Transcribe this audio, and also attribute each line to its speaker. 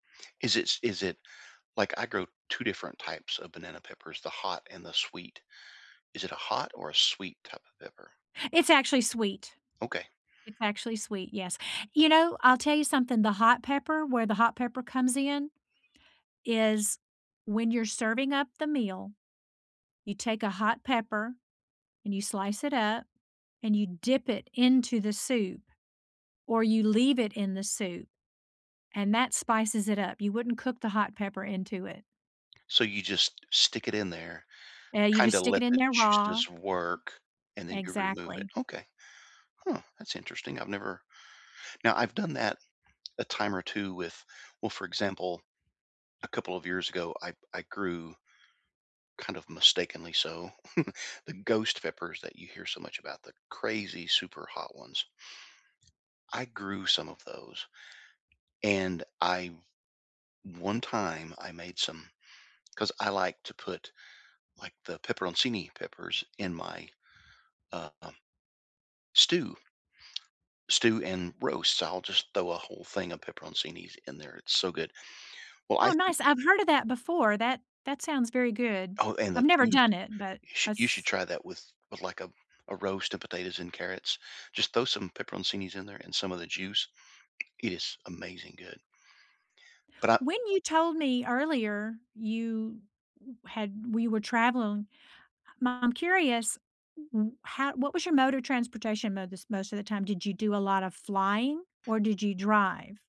Speaker 1: Is it s is it, like, I grow 2 different types of banana peppers- the hot and the sweet. Is it a hot or a sweet type of pepper?
Speaker 2: It's actually sweet.
Speaker 1: Okay.
Speaker 2: It's actually sweet. Yes, you know, I'll tell you something, the hot pepper where the hot pepper comes in, is when you're serving up the meal, you take a hot pepper and you slice it up and you dip it into the soup or you leave it in the soup and that spices it up. You wouldn't cook the hot pepper into it.
Speaker 1: So you just stick it in there,
Speaker 2: Eh, you just
Speaker 1: kinda
Speaker 2: stick
Speaker 1: let
Speaker 2: it in
Speaker 1: the
Speaker 2: there raw
Speaker 1: juices work, and then you remove it.
Speaker 2: Exactly.
Speaker 1: Okay. Huh, that's interesting. I've never now I've done that a time or 2 with well, for example, a couple of years ago, I I grew kind of mistakenly so, the ghost peppers that you hear so much about the crazy super hot ones. I grew some of those. And I one time, I made some 'cause I like to put, like, the peperoncini peppers in my, uh, um, stew stew and roast. I'll just throw a whole thing of peperoncinis in there. It's so good. Well, I
Speaker 2: Oh,
Speaker 1: thi
Speaker 2: nice. I've heard of that before. That that sounds very good.
Speaker 1: Oh, and the
Speaker 2: I've never
Speaker 1: cheese.
Speaker 2: done it, but
Speaker 1: You shou
Speaker 2: I
Speaker 1: you should
Speaker 2: s
Speaker 1: try that with with, like, a a roast of potatoes and carrots. Just throw some peperoncinis in there and some of the juice. It is amazing good. But I
Speaker 2: When you told me earlier you w had we were traveling I'm curious, wh how what was your mode of transportation mo this most of the time? Did you do a lotta flying or did you drive?